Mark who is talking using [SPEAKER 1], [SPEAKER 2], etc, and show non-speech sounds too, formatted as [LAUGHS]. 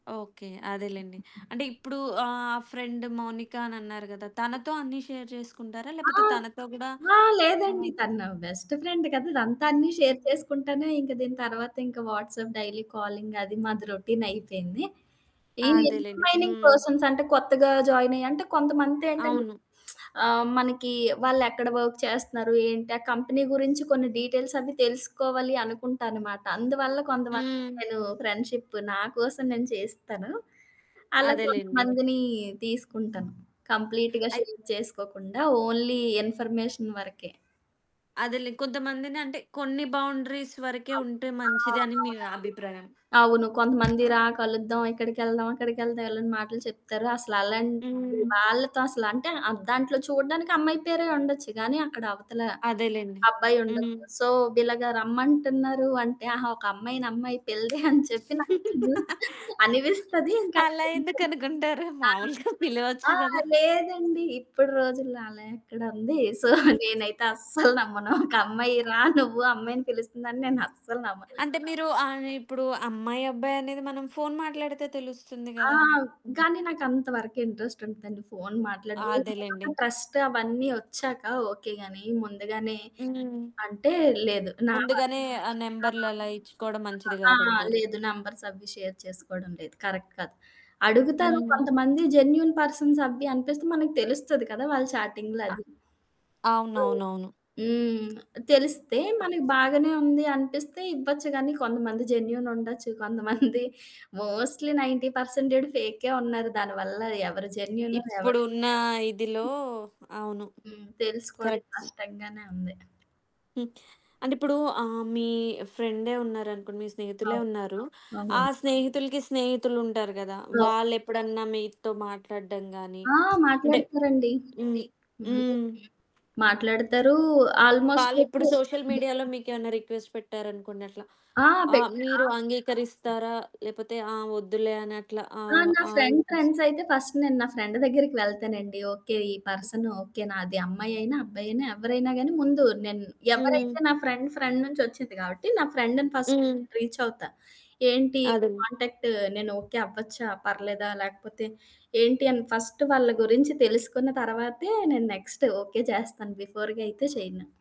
[SPEAKER 1] Okay. అదేలెండి. అంటే ఇప్పుడు ఆహ్, ఫ్రెండ్ మౌనిక అనన్నారు కదా! తనతో అన్నీ షేర్ చేసుకుంటారా?
[SPEAKER 2] ఆ!
[SPEAKER 1] లేకపోతే తనతో గూడా
[SPEAKER 2] ఆ!
[SPEAKER 1] ఆ!
[SPEAKER 2] లేదండీ. తను నా బెస్ట్ ఫ్రెండ్ కదా! అదంతా అన్నీ షేర్
[SPEAKER 1] హ్మ్.
[SPEAKER 2] చేసుకుంటానే, ఇంక దీని తర్వాతింక వాట్సాప్ డైలీ కాలింగ్ అది, మాది రొటీన్ అయిపోయింది. ఈ
[SPEAKER 1] అదేలెండి.
[SPEAKER 2] ఇంటర్మైనింగ్
[SPEAKER 1] హ్మ్.
[SPEAKER 2] పర్సన్స్ అంటే కొత్తగా జాయినయ్యి అంటే కొంతమందేంటంటే
[SPEAKER 1] అవును.
[SPEAKER 2] [SMACKS LIPS] ఆహ్, మనకి వాళ్ళెక్కడ వర్క్ చేస్తున్నారు, ఏంటి? ఆ కంపెనీ గురించి కొన్ని డీటెయిల్స్ అవి తెలుసుకోవాలి అనుకుంటనమాట. అందువల్ల కొంతమంది
[SPEAKER 1] హ్మ్.
[SPEAKER 2] నేను ఫ్రెండ్షిప్ నా కోసం నేను చేస్తాను. అలా
[SPEAKER 1] అదేలెండి.
[SPEAKER 2] కొంతమందిని తీసుకుంటాను. కంప్లీట్‌గా
[SPEAKER 1] అయిత్
[SPEAKER 2] షేర్ చేసుకోకుండా, ఓన్లీ ఇన్ఫర్మేషన్ వరకే.
[SPEAKER 1] అదేలే. కొంతమందిని అంటే కొన్ని బౌండరీస్
[SPEAKER 2] ఆ!
[SPEAKER 1] వరకే ఉంటే
[SPEAKER 2] ఆ!
[SPEAKER 1] మంచిది, అని మీ
[SPEAKER 2] అవునండి.
[SPEAKER 1] అభిప్రాయం.
[SPEAKER 2] అవును. కొంతమంది రా కలుద్దాం. ఇక్కడికెళ్దాం, అక్కడికెళ్దాం ఎళ్ళని మాటలు చెప్తారు. అసలలాంటి
[SPEAKER 1] హ్మ్.
[SPEAKER 2] వాళ్ళతో అసలంటే ఆహ్, దాంట్లో చూడడానికి అమ్మాయి పేరే ఉండొచ్చు. కానీ అక్కడ అవతల
[SPEAKER 1] అదేలెండి. హ్మ్.
[SPEAKER 2] అబ్బాయుండొచ్చు. సో, ఇలాగ రమ్మంటున్నారు అంటే ఆహా! ఒక అమ్మాయి నమ్మాయి పిల్డే అని [CHUCKLES] చెప్పి [UNINTELLIGIBLE] నా
[SPEAKER 1] [LAUGHS]
[SPEAKER 2] అనిపిస్తది. ఇంక
[SPEAKER 1] అలా
[SPEAKER 2] [UNINTELLIGIBLE]
[SPEAKER 1] ఎందుకనుకుంటారు
[SPEAKER 2] ఆ!
[SPEAKER 1] మామూలుగా [CHUCKLES] పిలవచ్చు
[SPEAKER 2] ఆ!
[SPEAKER 1] కదా!
[SPEAKER 2] లేదండి. ఇప్పడు రోజుల్లో అలా ఎక్కడుంది. సో, నేనైతే అస్సలు నమ్మను. ఒక అమ్మాయి రా నువ్వు అమ్మాయిని పిలుస్తుందని నేను అస్సలు నమ్మను.
[SPEAKER 1] అంటే మీరు ఆహ్, ఇప్పుడు అమ్మాయి, అబ్బాయి అనేది మనం ఫోన్ మాట్లాడితే తెలుస్తుంది
[SPEAKER 2] ఆ!
[SPEAKER 1] కదా! హ్మ్.
[SPEAKER 2] కానీ నాకు అంత వరకు ఇంట్రెస్ట్ ఉంటుదండి. ఫోను మాట్లాడడం, ఏదో
[SPEAKER 1] అదేలెండి.
[SPEAKER 2] ఒక ట్రస్ట్ అవన్నీ ఒచ్చాక ఓకే గానీ, ముందుగానే
[SPEAKER 1] హ్మ్.
[SPEAKER 2] అంటే లేదు. నా వల్ల
[SPEAKER 1] ముందుగానే ఆ నంబరులలా ఇచ్చుకోడం
[SPEAKER 2] నా
[SPEAKER 1] మంచిది
[SPEAKER 2] ఆ! ఆ! ఆ!
[SPEAKER 1] గాదంటారు.
[SPEAKER 2] లేదు. నంబర్స్ అవి షేర్ చేసుకోవడం లేదు. కరెక్ట్ కాదు. అడుగుతారు.
[SPEAKER 1] హ్మ్.
[SPEAKER 2] కొంతమంది జెన్యూన్ పర్సన్స్ అవ్వి అనిపిస్తే మనకు తెలుస్తది కదా! వాళ్ళ చాటింగ్‌లో అది. హ్మ్.
[SPEAKER 1] అవునవునవును.
[SPEAKER 2] హ్మ్. తెలిస్తే మనకి
[SPEAKER 1] [UNINTELLIGIBLE]
[SPEAKER 2] బాగానే ఉంది అనిపిస్తే ఇవ్వచ్చు కానీ, కొంతమంది జెన్యూన్ ఉండొచ్చు. [CHUCKLES] కొంతమంది మోస్ట్‌లీ 90% పర్సెంటేడ్ ఫేకే ఉన్నారు దానివల్ల. ఎవరు జెన్యూనొ? ఎవరు
[SPEAKER 1] ఇప్పుడున్న ఇదిలో అవును.
[SPEAKER 2] హ్మ్. తెలుసుకోవడం
[SPEAKER 1] కరెక్ట్.
[SPEAKER 2] కష్టంగానే ఉంది.
[SPEAKER 1] హ్మ్. అంటే ఇప్పుడు ఆహ్, మీ ఫ్రెండే ఉన్నారనుకోండి, మీ స్నేహితులే
[SPEAKER 2] అవును.
[SPEAKER 1] ఉన్నారు. ఆ
[SPEAKER 2] అవును.
[SPEAKER 1] స్నేహితులుకి స్నేహితులుంటారు గదా!
[SPEAKER 2] అవును.
[SPEAKER 1] వాళ్ళెప్పుడన్నా మీతో మాట్లాడడం గాని,
[SPEAKER 2] ఆ!
[SPEAKER 1] [SMACKS LIPS] అంటే
[SPEAKER 2] మాట్లాడతారండి.
[SPEAKER 1] హ్మ్.
[SPEAKER 2] హ్మ్.
[SPEAKER 1] హ్మ్.
[SPEAKER 2] మాట్లాడతారు. ఆల్మోస్ట్
[SPEAKER 1] వాళ్ళిప్పుడు సోషల్ మీడియాలో
[SPEAKER 2] [UNINTELLIGIBLE]
[SPEAKER 1] మీకేమన్నా రిక్వెస్ట్ పెట్టారనుకోండి అట్లా?
[SPEAKER 2] ఆ!
[SPEAKER 1] ఆహ్, మీరు
[SPEAKER 2] [UNINTELLIGIBLE]
[SPEAKER 1] అంగీకరిస్తారా? లేపోతే ఆ! వద్దులే అనట్లా
[SPEAKER 2] ఆ!
[SPEAKER 1] ఆవ
[SPEAKER 2] నా
[SPEAKER 1] ఆహ్,
[SPEAKER 2] ఫ్రెండ్
[SPEAKER 1] ఇస్
[SPEAKER 2] ఫ్రెండ్స్ అయితే ఫస్ట్ నేను నా ఫ్రెండు దగ్గరికి వెళ్తానండి. ఓకే. ఈ పర్సన్ ఓకే. నాది అమ్మాయైనా, అబ్బాయైనా ఎవరైనా గాని ముందు నేను
[SPEAKER 1] హ్మ్.
[SPEAKER 2] ఎవరైతే నా ఫ్రెండ్ ఫ్రెండ్ నుంచొచ్చింది కాబట్టి, నా ఫ్రెండ్‌ని ఫస్ట్
[SPEAKER 1] హ్మ్.
[SPEAKER 2] రీచ్ అవుతా. ఏంటి
[SPEAKER 1] అదండి.
[SPEAKER 2] కాంటాక్టు నేను ఓకే అవ్వచ్చా? పర్లేదా? లేకపోతే ఏంటి అని ఫస్ట్ వాళ్ళ గురించి తెలుసుకున్న తర్వాతే, నేను నెక్స్ట్ ఓకే చేస్తాను. బిఫోర్‌గా అయితే చేయను.